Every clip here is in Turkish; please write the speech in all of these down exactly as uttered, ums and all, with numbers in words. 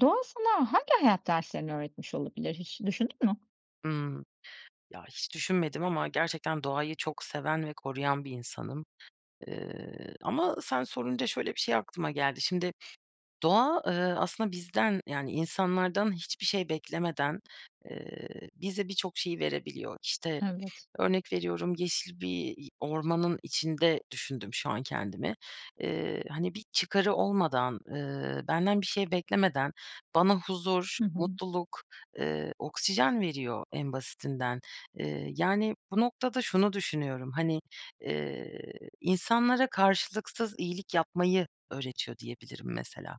Doğa sana hangi hayat derslerini öğretmiş olabilir, hiç düşündün mü? Hıı. Ya, hiç düşünmedim ama gerçekten doğayı çok seven ve koruyan bir insanım. Iıı, ama sen sorunca şöyle bir şey aklıma geldi. Şimdi doğa, ııı, aslında bizden, yani, insanlardan hiçbir şey beklemeden, eee, bize birçok şeyi verebiliyor. İşte, Evet. örnek veriyorum yeşil bir i ormanın içinde düşündüm şu an kendimi. Eee, hani, bir çıkarı olmadan, ııı, benden bir şey beklemeden bana huzur, Hı hı. mutluluk, ııı, oksijen veriyor en basitinden. Eee, yani, bu noktada şunu düşünüyorum. Hani, eee, insanlara karşılıksız iyilik yapmayı öğretiyor diyebilirim, mesela,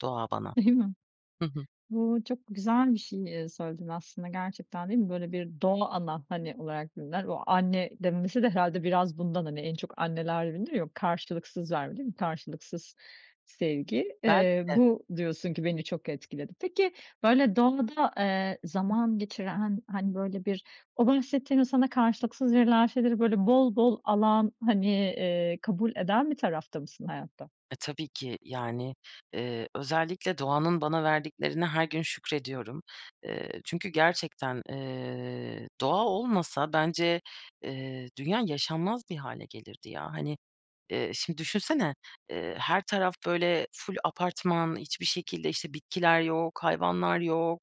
doğa bana. Değil mi? Hı hı. Bu çok güzel bir şey, eee, söyledin, aslında, gerçekten değil mi? Böyle bir doğa ana, hani olarak bilinen o anne demesi de herhâlde biraz bundan, hani, en çok anneler bilinir ya, o karşılıksız verme değil mi, karşılıksız sevgi. Belki Eee, de. bu diyorsun ki beni çok etkiledi. Peki, böyle doğada, eee, zaman geçiren, han hani, böyle bir o bahsettiğin o sana karşılıksız verilen şeyleri, böyle, bol bol alan, hani, eee, kabul eden bir tarafta mısın hayatta? E, tabii ki. Yani, eee, özellikle doğanın bana verdiklerine her gün şükrediyorum. Eee, çünkü gerçekten, eee, doğa olmasa bence, eee, dünya yaşanmaz bir hâle gelirdi ya. Hani, eee, şimdi düşünsene, eee, her taraf, böyle, ful apartman, hiçbir şekilde, işte, bitkiler yok, hayvanlar yok,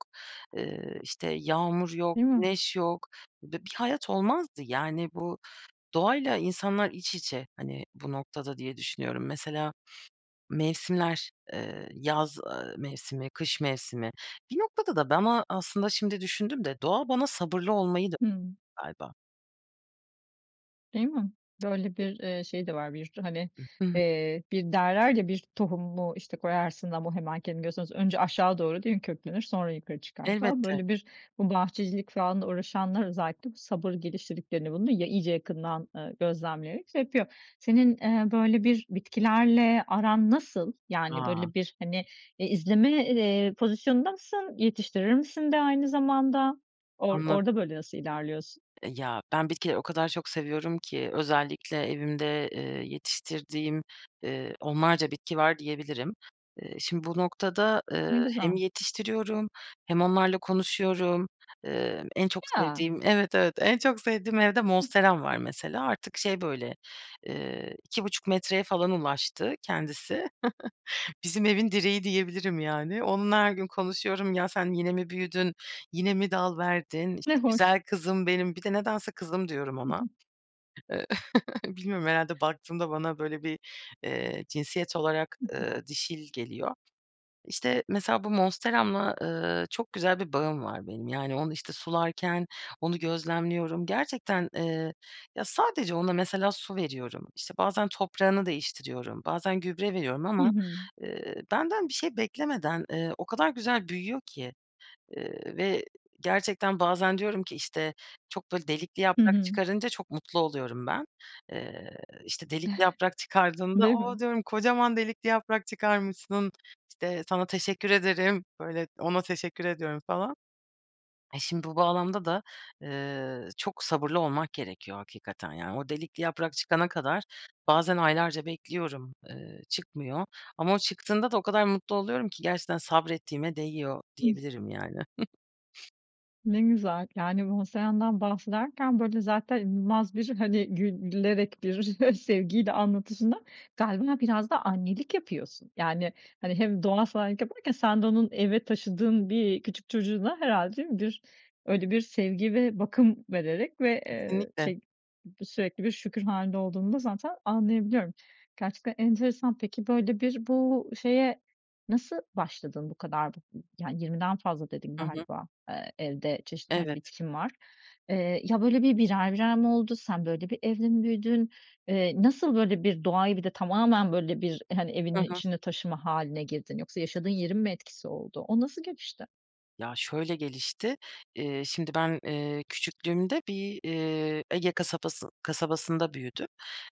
eee, işte, yağmur yok, Değil mi? güneş yok ve bir hayat olmazdı. Yani, bu doğayla insanlar iç içe, hani, bu noktada diye düşünüyorum. Mesela, mevsimler, eee, yaz, ııı, mevsimi, kış mevsimi. Bir noktada da bana, aslında, şimdi düşündüm de doğa bana sabırlı olmayı da Hıı. galiba. Değil mi? Böyle bir, eee, şey de var. Bir tü hani, I hı. eee, bir derler ya bir tohumu işte, koyarsın ama hemen kendini göstermez. Önce aşağı değil mi, köklenir, sonra yukarı çıkar falan. Elbette. Böyle bir bu bahçecilik falanla uğraşanlar özellikle, bu sabır geliştirdiklerini, bunu ya iyice yakından, eee, gözlemleyerek şey yapıyor. Senin, eee, böyle bir bitkilerle aran nasıl? Yani A. böyle bir hani, eee, izleme, eee, pozisyonunda mısın, yetiştirir misin de aynı zamanda? Or Anlad orada böyle nasıl ilerliyorsun? Eee, ya ben bitkileri o kadar çok seviyorum ki, özellikle evimde, eee, yetiştirdiğim, eee, onlarca bitki var diyebilirim. Iıı, şimdi bu noktada, eee, Ne hem güzel. yetiştiriyorum hem onlarla konuşuyorum. Eee, en çok Ya. sevdiğim evet evet, en çok sevdiğim evde Monsteram var mesela. Artık şey böyle, ııı, iki buçuk metreye falan ulaştı kendisi. Bizim evin direği diyebilirim yani. Onunla her gün konuşuyorum. "Ya sen yine mi büyüdün, yine mi dal verdin, Ne işte hoş. güzel kızım benim?" Bir de nedense kızım diyorum Hı ona. hı. Bilmiyorum, herhâlde baktığımda bana böyle bir, eee, cinsiyet olarak, Hı hı. eee, dişil geliyor. İşte mesela bu Monsteramla, eee, çok güzel bir bağım var benim. Yani onu işte sularken onu gözlemliyorum. Gerçekten, eee, ya sadece ona mesela su veriyorum, işte bazen toprağını değiştiriyorum, bazen gübre veriyorum Hı ama, hı. eee, benden bir şey beklemeden, eee, o kadar güzel büyüyor ki, eee, ve gerçekten bazen diyorum ki, işte, çok böyle delikli Hı yaprak hı. çıkarınca çok mutlu oluyorum ben. Eee, işte delikli yaprak çıkardığında Değil mi? o diyorum, "Kocaman delikli yaprak çıkarmışsın, işte sana teşekkür ederim." Böyle ona teşekkür ediyorum falan. Şimdi bu bağlamda da, eee, çok sabırlı olmak gerekiyor hakikaten yani. O delikli yaprak çıkana kadar bazen aylarca bekliyorum, ııı, çıkmıyor. Ama o çıktığında da o kadar mutlu oluyorum ki gerçekten sabrettiğime değiyor Hıh. diyebilirim yani. Ne güzel. Yani, bu [unintelligible] bahsederken, böyle, zaten inanılmaz bir, hani, gül gülerek bir, sevgiyle anlatışından galiba biraz da annelik yapıyorsun. Yani, hani, hem doğa [unintelligible] yaparken sen de onun eve taşıdığın bir küçük çocuğuna herhalde bir öyle bir sevgi ve bakım vererek ve, eee, Kesinlikle. şey sürekli bir şükür hâlinde olduğunu da zaten anlayabiliyorum. Gerçekten enteresan. Peki, böyle, bir bu şeye nasıl başladın bu kadar? I ı yani, yirmiden fazla dedin Hı hı. galiba, eee, evde çeşitli, hani, Evet. bitkin var. Eee, ya, böyle, bir birer birer mi oldu? Sen, böyle, bir evde mi büyüdün? Eee, nasıl, böyle, bir doğayı bir de tamamen, böyle bir hani, evinin Hı hı. içinde taşıma hâline girdin? Yoksa yaşadığın yerin mi etkisi oldu? O nasıl gelişti? Ya şöyle gelişti. Eee, şimdi ben, eee, küçüklüğümde bir, eee, Ege kasabası kasabasında büyüdüm.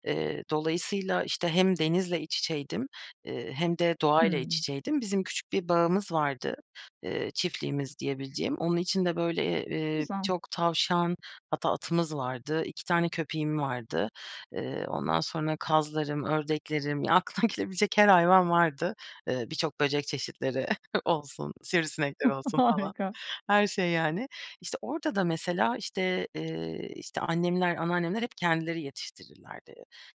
Eee, dolayısıyla işte hem denizle iç içeydim, eee, hem de doğayla iç Hımm. içeydim. Bizim küçük bir bağımız vardı, eee, çiftliğimiz diyebileceğim. Onun içinde, böyle, Ne eee, güzel. birçok tavşan hatta atımız vardı. iki tane köpeğim vardı. Eee, ondan sonra kazlarım, ördeklerim ya aklına gelebilecek her hayvan vardı. Iıı, birçok böcek çeşitleri olsun, sivrisinekler olsun falan. Harika. Her şey, yani. İşte orada da mesela işte, eee, işte annemler anneannemler hep kendileri yetiştirirlerdi.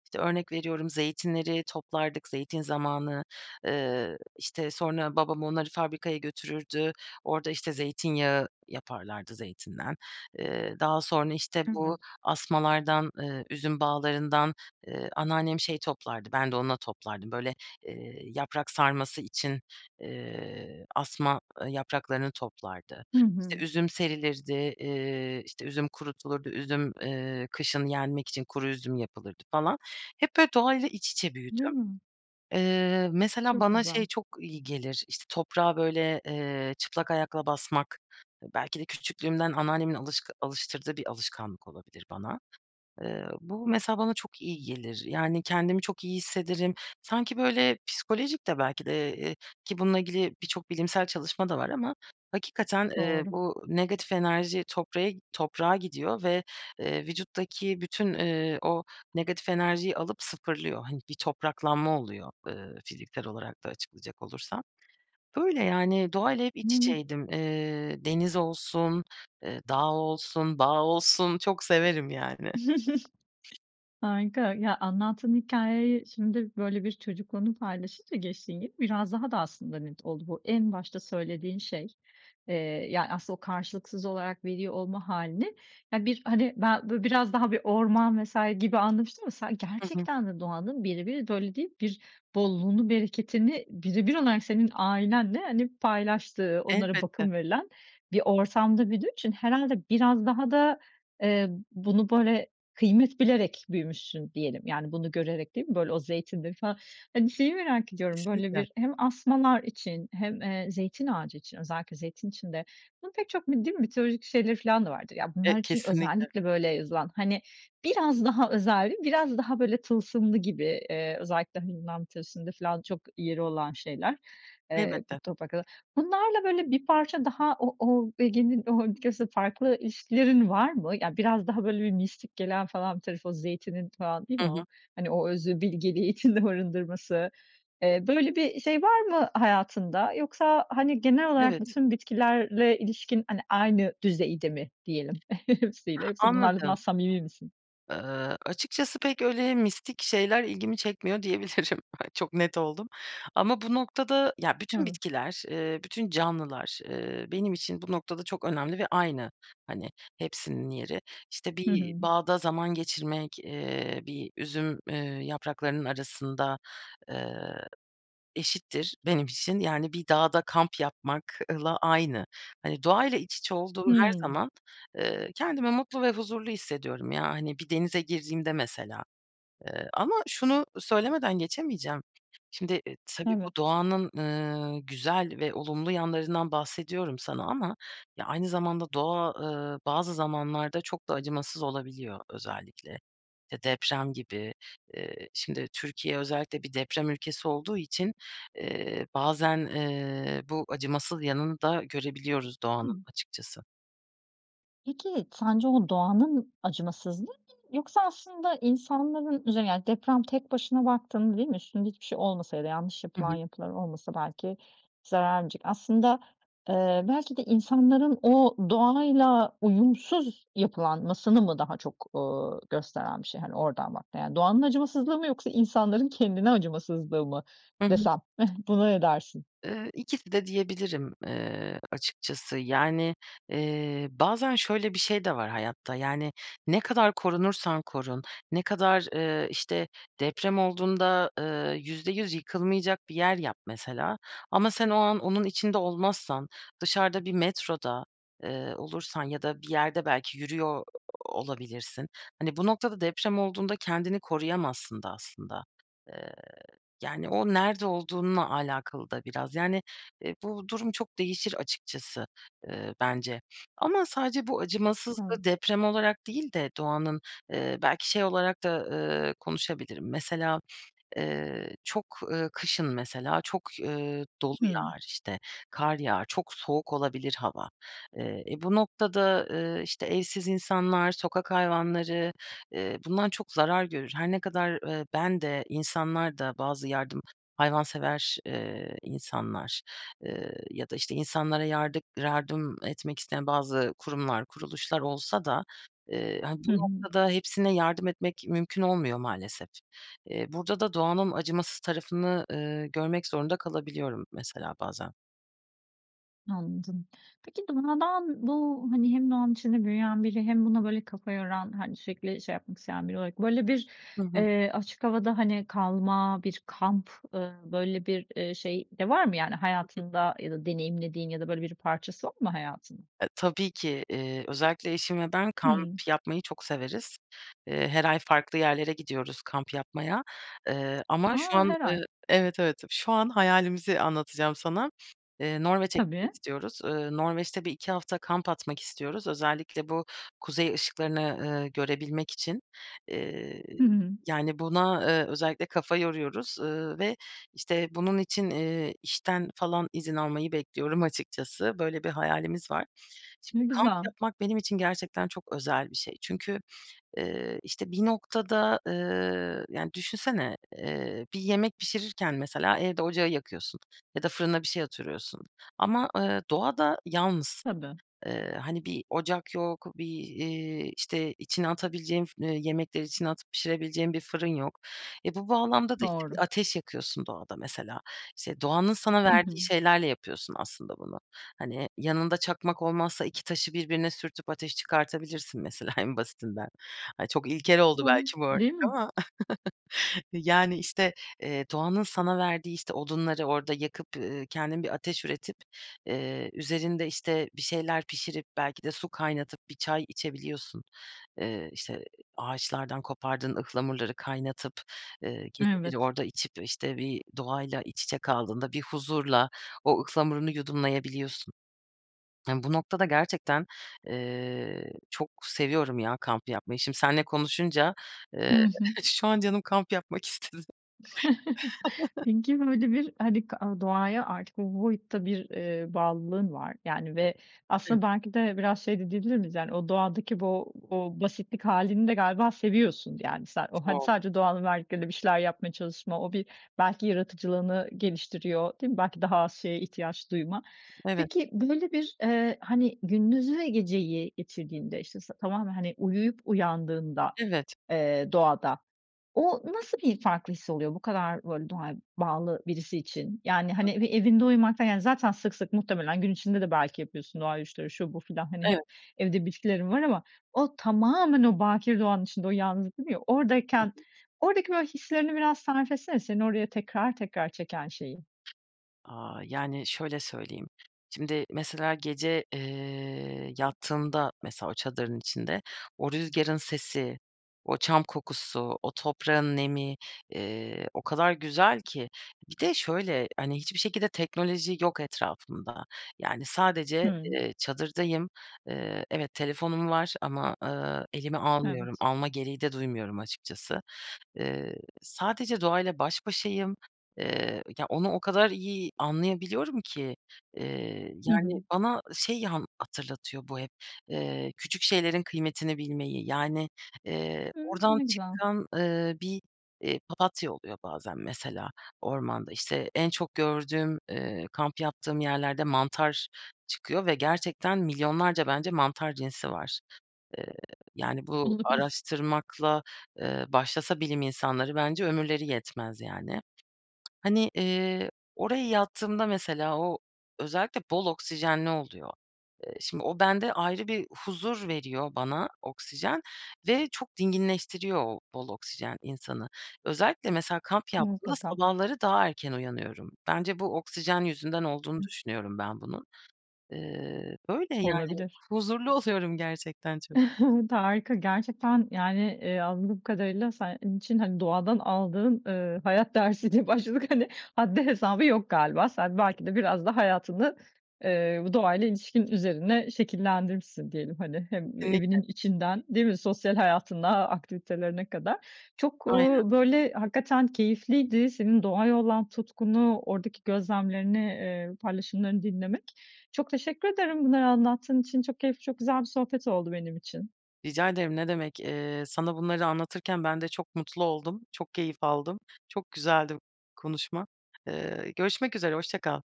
İşte, örnek veriyorum, zeytinleri toplardık, zeytin zamanı. Eee, işte, sonra babam onları fabrikaya götürürdü. Orada işte zeytinyağı yaparlardı zeytinden. Eee, daha sonra, işte, bu Evet. asmalardan, eee, üzüm bağlarından, eee, anneannem şey toplardı, ben de onunla toplardım. Böyle, eee, yaprak sarması için, eee, asma, ııı, yapraklarını toplardı. Hı İşte hı. üzüm serilirdi. Eee, işte üzüm kurutulurdu. Üzüm, eee, kışın yenmek için kuru üzüm yapılırdı falan. Hep böyle, doğayla iç içe büyüdüm. Ya. Eee, mesela Çok bana güzel. şey çok iyi gelir, işte, toprağa böyle, eee, çıplak ayakla basmak, belki de küçüklüğümden anneannemin alışkı alıştırdığı bir alışkanlık olabilir bana. Eee, bu mesela bana çok iyi gelir. Yani, kendimi çok iyi hissederim. Sanki, böyle, psikolojik de belki de, eee, ki bununla ilgili birçok bilimsel çalışma da var ama hakikaten, eee, Doğru. bu negatif enerji toprağe toprağa gidiyor ve vücuttaki bütün, eee, o negatif enerjiyi alıp sıfırlıyor. Hani, bir topraklanma oluyor, eee, fiziksel olarak da açıklayacak olursam. Böyle, yani, doğayla hep iç [unintelligible] içeydim. Eee, deniz olsun, eee, dağ olsun, dağ olsun çok severim, yani. Harika, ya anlattığın hikâyeyi şimdi, böyle, bir çocukluğunu paylaşınca gençliğin gibi biraz daha da aslında net oldu. Bu en başta söylediğin şey, eee, yani, aslında o karşılıksız olarak veli olma hâlini, ya bir, hani, ben, böyle, biraz daha bir orman vs. gibi anlamıştım ama sen Hı hı. gerçekten de doğanın birebir [unintelligible] bir bolluğunu bereketini birebir olarak senin ailenle, hani, paylaştığı, onlara Elbette. bakım verilen, bir ortamda büyüdüğün için herhalde biraz daha da, eee, bunu, böyle, kıymet bilerek büyümüşsün diyelim. Yani, bunu görerek değil mi, böyle, o zeytinleri falan. Hani, şeyi merak ediyorum, böyle, Kesinlikle. bir hem asmalar için hem, eee, zeytin ağacı için özellikle zeytin için de, bunun pek çok mi değil mi mitolojik şeyleri falan da vardır. Ya E bunlar için kesinlikle. özellikle, böyle, yazılan, hani, biraz daha özenli biraz daha, böyle, tılsımlı gibi, eee, özellikle, hani, Yunan mitolojisinde filan çok yeri olan şeyler, eee, bu Elbette. toprakla bunlarla, böyle, bir parça daha o o Ege'nin o açıkçası farklı ilişkilerin var mı? Yani, biraz daha, böyle bir, mistik gelen falan bir tarafı, o zeytinin falan değil Hı mi o, hı. hani, o özü bilgeliği içinde barındırması. Eee, böyle, bir şey var mı hayatında yoksa, hani, genel olarak Evet. bütün bitkilerle ilişkin, hani, aynı düzeyde mi diyelim hepsiyle. Hepsi bunlarla [unintelligible] Anladım. samimi misin? Iıı, açıkçası pek öyle, mistik şeyler ilgimi çekmiyor diyebilirim. Çok net oldum ama bu noktada ya bütün Evet. bitkiler, eee, bütün canlılar, eee, benim için bu noktada çok önemli ve aynı, hani, hepsinin yeri. İşte, Hı bir hı. bağda zaman geçirmek, eee, bir üzüm, eee, yapraklarının arasında, ııı, eşittir benim için, yani, bir dağda kamp yapmakla aynı. Hani, doğayla iç içe olduğum her Hımm. zaman, eee, kendimi mutlu ve huzurlu hissediyorum. Ya, hani, bir denize girdiğimde mesela. Eee, ama şunu söylemeden geçemeyeceğim. Şimdi tabii bu Evet. doğanın, ııı, güzel ve olumlu yanlarından bahsediyorum sana ama ya aynı zamanda doğa, ııı, bazı zamanlarda çok da acımasız olabiliyor özellikle ya deprem gibi. Eee şimdi Türkiye özellikle bir deprem ülkesi olduğu için, eee, bazen, eee, bu acımasız yanını da görebiliyoruz Hı hı. doğanın açıkçası. Peki, sence o doğanın acımasızlığı mı, yoksa aslında insanların, üzerine yani deprem tek başına baktığında, değil mi, üstünde hiçbir şey olmasa ya da yanlış Hı yapılan hı. yapılar olmasa belki zararcık, aslında, eee, belki de insanların, o, doğayla uyumsuz yapılanmasını mı daha çok, ııı, gösteren bir şey, hani oradan baktığında, yani doğanın acımasızlığı mı yoksa insanların kendine acımasızlığı mı Hı hı. desem, heh buna ne edersin? Iıı, ikisi de diyebilirim, ııı, açıkçası. Yani, eee, bazen şöyle bir şey de var hayatta. Yani, ne kadar korunursan korun, ne kadar, eee, işte deprem olduğunda, eee, yüzde yüz yıkılmayacak bir yer yap mesela ama sen o an onun içinde olmazsan, dışarıda bir metroda, eee, olursan ya da bir yerde belki yürüyor o olabilirsin, hani bu noktada deprem olduğunda kendini koruyamazsın da aslında. Eee, yani, o nerede olduğunla alakalı da biraz. Yani, eee, bu durum çok değişir açıkçası, eee, bence ama sadece bu acımasızlığı Evet. deprem olarak değil de doğanın, eee, belki şey olarak da, eee, konuşabilirim. Mesela, eee, çok, ııı, kışın mesela çok, ııı, dolu Hımm. yağar işte, kar yağar, çok soğuk olabilir hava. Eee, e, bu noktada, eee, işte evsiz insanlar, sokak hayvanları, eee, bundan çok zarar görür. Her ne kadar, eee, ben de insanlar da bazı yardım hayvansever, eee, insanlar, eee, ya da işte insanlara yardım yardım etmek isteyen bazı kurumlar kuruluşlar olsa da, eee, hani bu Hı hı. noktada hepsine yardım etmek, mümkün olmuyor maalesef. Eee, burada da doğanın acımasız tarafını, eee, görmek zorunda kalabiliyorum mesela bazen. Anladım. Peki, doğadan bu, hani, hem doğanın içinde büyüyen biri hem buna böyle kafa yoran, hani, sürekli şey yapmak isteyen biri olarak böyle bir, Hı hı. eee, açık havada, hani, kalma bir kamp, ııı, böyle bir, ııı, şey de var mı? Yani, [unintelligible] hayatında ya da deneyimlediğin ya da böyle bir parçası var mı hayatının? E, tabii ki. Eee, özellikle eşim ve ben kamp Hımm. yapmayı çok severiz. Eee, her ay farklı yerlere gidiyoruz kamp yapmaya. Iıı, ama A! şu an, Her ııı ay. Evet, evet, şu an hayalimizi anlatacağım sana. Iıı, Norveç'e gitmek Tabii. istiyoruz. Iıı, Norveç'te bir iki hafta kamp atmak istiyoruz. Özellikle bu kuzey ışıklarını, ııı, görebilmek için. Iıı, Hı hı. yani, buna, ııı, özellikle kafa yoruyoruz, ııı, ve işte, bunun için, ııı, işten falan izin almayı bekliyorum açıkçası. Böyle bir hayalimiz var. Şimdi Ne kamp güzel. yapmak benim için gerçekten çok özel bir şey. Çünkü, ııı, işte, bir noktada, ııı, yani, düşünsene, eee, bir yemek pişirirken mesela, evde ocağı yakıyorsun ya da fırına bir şey atırıyorsun. Ama, ııı, doğada yalnızsın. Tabii. Iıı, hani, bir ocak yok, bir, iii, işte, içine atabileceğin fı yemekleri içine atıp pişirebileceğin bir fırın yok. E, bu bağlamda da işte, Doğru. bir ateş yakıyorsun doğada, mesela. İşte, doğanın sana Hı verdiği hı. şeylerle yapıyorsun aslında bunu. Hani, yanında çakmak olmazsa iki taşı birbirine sürtüp ateş çıkartabilirsin, mesela, en basitinden. Ay, çok ilkel oldu belki bu [unintelligible] Değil örnek mi? ama. Yani, işte, ııı, doğanın sana verdiği, işte, odunları orada yakıp, ııı, kendin bir ateş üretip, ııı, üzerinde, işte, bir şeyler pişirip, belki de su kaynatıp bir çay içebiliyorsun. Iıı, işte, ağaçlardan kopardığın ıhlamurları kaynatıp, ııı, geceleri Evet. orada içip, işte, bir doğayla iç içe kaldığında bir huzurla o ıhlamurunu yudumlayabiliyorsun. Bu noktada gerçekten, eee, çok seviyorum ya kamp yapmayı. Şimdi senle konuşunca, Hı ııı, hı. şu an canım kamp yapmak istedi. Peki, böyle bir, hani, kı aaa, doğaya artık bu boyutta bir, eee, bağlılığın var. Yani ve Hımm. aslında, belki de biraz şey de diyebilir miyiz? Yani, o doğadaki bu o basitlik hâlini de galiba seviyorsun, yani, sen. O, hani, Çok. sadece doğanın verdikleri ile bir şeyler yapmaya çalışma, o bir belki yaratıcılığını geliştiriyor, değil mi? Belki daha az şeye ihtiyaç duyma. Evet. Peki, böyle bir, eee, hani, gündüzü ve geceyi geçirdiğinde, işte, s tamamen, hani, uyuyup uyandığında, Evet. eee, doğada, o nasıl bir farklı hissi oluyor, bu kadar böyle doğaya bağlı birisi için? Yani, Hı hani, hı. bir evinde uyumak da yani, zaten sık sık muhtemelen gün içinde de belki yapıyorsun doğa yürüyüşleri şu, bu filan. Hani, Evet. hep evde bitkilerin var ama o tamamen o bakir doğanın içinde o yalnızdır ya, Hı oradayken, hı. oradaki, böyle, hislerini biraz tarif etsene, seni oraya tekrar tekrar çeken şeyi. Aaa, yani, şöyle söyleyeyim: Şimdi, mesela, gece, eee, yattığında mesela, o çadırın içinde o rüzgârın sesi, o çam kokusu, o toprağın nemi, ııı, o kadar güzel ki. Bir de şöyle: Hani, hiçbir şekilde teknoloji yok etrafımda. Yani, sadece, Hımm. ııı, çadırdayım. Iıı, evet, telefonum var ama, ııı, elime almıyorum. Evet. Alma gereği de duymuyorum açıkçası. Iıı, sadece doğayla baş başayım. Iıı, ya, onu o kadar iyi anlayabiliyorum ki, ııı, Hı hı. yani, bana şey anla hatırlatıyor bu hep, ııı, küçük şeylerin kıymetini bilmeyi. Yani, ııı, Hımm, oradan ne güzel. çıkan, ııı, bir, ııı, papatya oluyor bazen, mesela, ormanda. İşte, en çok gördüğüm, ııı, kamp yaptığım yerlerde mantar çıkıyor ve gerçekten milyonlarca bence mantar cinsi var. Iıı, yani, bu Olabilir. araştırmakla, ııı, başlasa bilim insanları bence ömürleri yetmez, yani. Hani, ııı, oraya yattığımda mesela, o özellikle bol oksijenli oluyor. Eee, şimdi o bende ayrı bir huzur veriyor bana oksijen ve çok dinginleştiriyor o bol oksijen insanı. Özellikle, mesela, kamp yaptığımda Mutlaka. sabahları daha erken uyanıyorum. Bence bu oksijen yüzünden olduğunu Hı. düşünüyorum ben bunun. Iıı, böyle, yani. Olabilir. Huzurlu oluyorum gerçekten çok. T harika, gerçekten, yani, ııı, anladığım kadarıyla senin için, hani, doğadan aldığın, ııı, hayat dersi diye başladık. Hani, haddi hesabı yok galiba, sen belki de biraz da hayatını, ııı, bu doğayla ilişkin üzerine şekillendirmişsin diyelim, hani, hem Kesinlikle. evinin içinden, değil mi? Sosyal hayatına, aktivitelerine kadar. Çok, Aynen. ııı, böyle, hakikaten keyifliydi senin doğaya olan tutkunu, oradaki gözlemlerini, ııı, paylaşımlarını dinlemek. Çok teşekkür ederim bunları anlattığın için. Çok keyifli, çok güzel bir sohbet oldu benim için. Rica ederim ne demek. Eee, sana bunları anlatırken ben de çok mutlu oldum, çok keyif aldım. Çok güzeldi konuşma. Iıı, görüşmek üzere, hoşça kal.